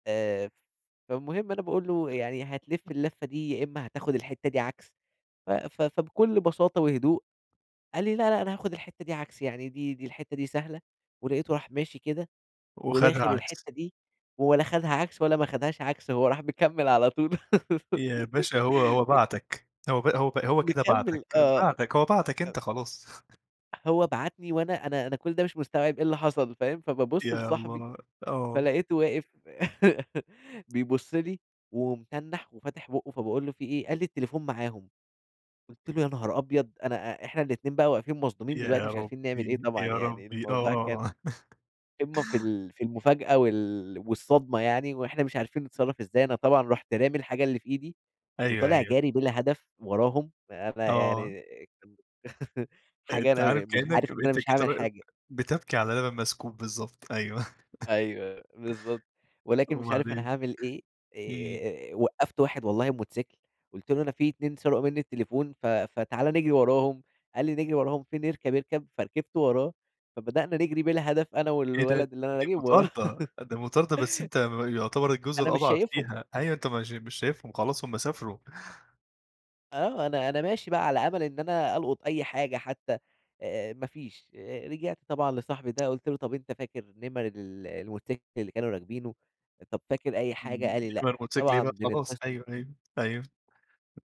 آآ، ف فالمهم أنا باقول لُه: "يعني هتلِّف الَلفّة دي، يا إمّا هتاخد الحتة دي عكس،" ف ف فبكُلّ بساطة وهدوء قال لي: "لأ، لأ أنا هاخد الحتة دي عكس يعني دي، دي الحتة دي سهلة"، ولقيته راح ماشي كده، وخَدها وداخل عكس. الحتة دي، و ولا خدها عكس ولا ما خدهاش عكس، هو راح مكمّل على طول يا باشا هو هو م بَعتك هو ب هو ب هو كده مكمّل بَعتك، آه، بَعتك، هو بَعتك أ أ أنت خلاص. هو بعتني وأنا أنا أنا كل ده مش مستوعب إيه اللي حصل فاهم، فبابُصّ يا لصاحبي الله، آه. فلقيتُه واقف بيبُصّ لي ومتنّح وفاتح بُقُّه فباقول له: "في إيه؟" قال لي: "التليفون معاهم"، قُلت له: "يا نهار أبيض"، أنا إ إحنا الاتنين بقى واقفين مصدومين دلوقتي يا مش عارفين نعمل إيه ربي، طبعًا، يا يعني ربي آه، الموضوع آه، كان آه. قمّة في ال في المفاجأة وال والصدمة يعني، وإحنا مش عارفين نتصرّف ازاي، أنا طبعًا رُحت رامي الحاجة اللي في إيدي، أيوه، وطالع أيوه. جاري بلا هدف وراهم فأنا آه. يعني آآ، حاجة أنت عارف أنا م مش عارف كإنّك ب إن أنا أنت مش كده هاعمل واقف حاجة. بتبكي على لبن مسكوب، بالضبط، أيوه، أيوه، بالضبط، ولكن مش عارف أنا وبعدين، هاعمل إيه إمم. آآ، وقّفت واحد والله بموتوسيكل قُلت له: "أنا في اتنين سرقوا منّي التليفون ف فتعالى نجري وراهم"، قال لي: "نجري وراهم فين؟" اركب اركب فركبت وراه، فبدأنا نجري بلا هدف أنا إيه ده! والولد اللي أنا دي راكب وراه، مطاردة، أ دي مطاردة بس أنت م يعتبر أ الجزء أنا مش الأضعف شايفهم. فيها، أيوه، أنت مش مش شايفهم خلاص هُم سافروا. آه، أنا أنا ماشي بقى على أمل إن أنا ألقُط أي حاجة حتى، آآ، ما فيش آآ، رجعت طبعًا لصاحبي ده قُلت له: "طَب أنت فاكر نِمَر ال الموتوسيكل اللي كانوا راكبينه؟ أ طب فاكر أي حاجة"، إمم قال لي: "لأ"، نِمَر الموتوسيكل إيه طبعًا بقى خلاص بنتصل أيوه، أيوه، أيوه.